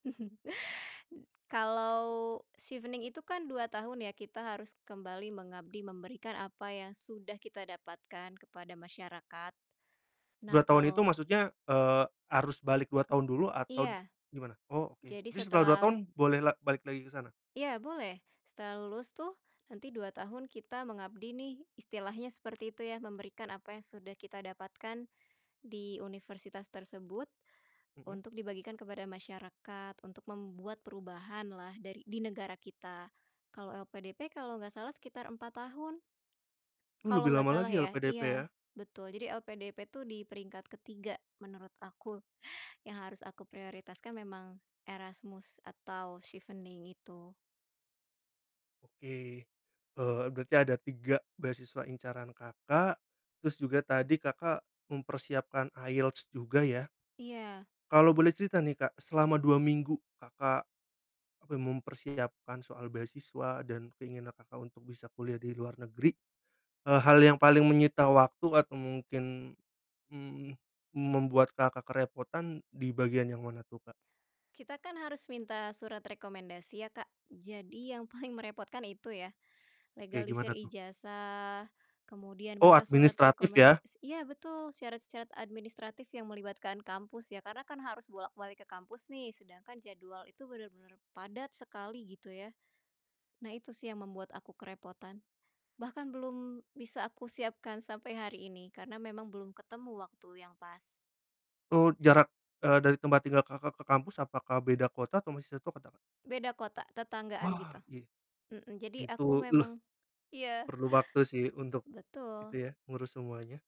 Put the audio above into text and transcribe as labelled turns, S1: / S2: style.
S1: Kalo Chevening itu kan 2 tahun ya, kita harus kembali mengabdi memberikan apa yang sudah kita dapatkan kepada masyarakat.
S2: 2
S1: Nah,
S2: tahun itu
S1: kalo
S2: maksudnya, eee, harus balik 2 tahun dulu atau
S1: Iya.
S2: gimana? Oh, oke.
S1: Jadi
S2: Terus setelah 2
S1: setelah
S2: tahun boleh lag balik lagi ke sana?
S1: Iya, boleh. Setelah lulus tuh, nanti 2 tahun kita mengabdi nih, istilahnya seperti itu ya, memberikan apa yang sudah kita dapatkan di universitas tersebut,
S2: Mmm.
S1: untuk dibagikan kepada masyarakat, untuk membuat perubahanlah dari di negara kita. Kalau LPDP, kalau nggak salah sekitar 4 tahun.
S2: Uh,
S1: Kalau
S2: lebih
S1: nggak
S2: lama
S1: salah
S2: lagi ya,
S1: ya
S2: LPDP,
S1: iya,
S2: ya.
S1: betul jadi LPDP tuh di peringkat ke-3 menurut aku, yang harus aku prioritaskan memang Erasmus atau Chevening itu.
S2: Oke. Eee, berarti ada 3 beasiswa incaran Kakak, terus juga tadi Kakak mempersiapkan IELTS juga ya.
S1: Iya.
S2: Kalau boleh cerita nih, Kak, selama 2 minggu Kakak, eee, mempersiapkan soal beasiswa dan keinginan Kakak untuk bisa kuliah di luar negeri, eee, hal yang paling menyita waktu atau mungkin, mmm, membuat Kakak kerepotan, di bagian yang mana tuh, Kak?
S1: Kita kan harus minta surat rekomendasi ya, Kak. Jadi yang paling merepotkan itu ya.
S2: Kek
S1: Legalisir
S2: gimana tuh?
S1: ijazah, kemudian
S2: Oh,
S1: minta surat
S2: administratif ya.
S1: rekomendasi iya betul, syarat-syarat administratif yang melibatkan kampus ya, karena kan harus bolak-balik ke kampus nih, sedangkan jadwal itu bener-bener padat sekali, gitu ya. Nah, itu sih yang membuat aku kerepotan. Bahkan belum bisa aku siapkan sampai hari ini karena memang belum ketemu waktu yang pas.
S2: Oh, jarak, eee, dari tempat tinggal Kakak ke kampus apakah beda kota atau masih satu kota, Kak?
S1: Beda kota, tetanggaan
S2: Wah,
S1: gitu.
S2: y
S1: Mhm, jadi
S2: itu
S1: aku
S2: leh
S1: memang iya.
S2: perlu waktu sih untuk itu
S1: Betul.
S2: ya, ngurus semuanya.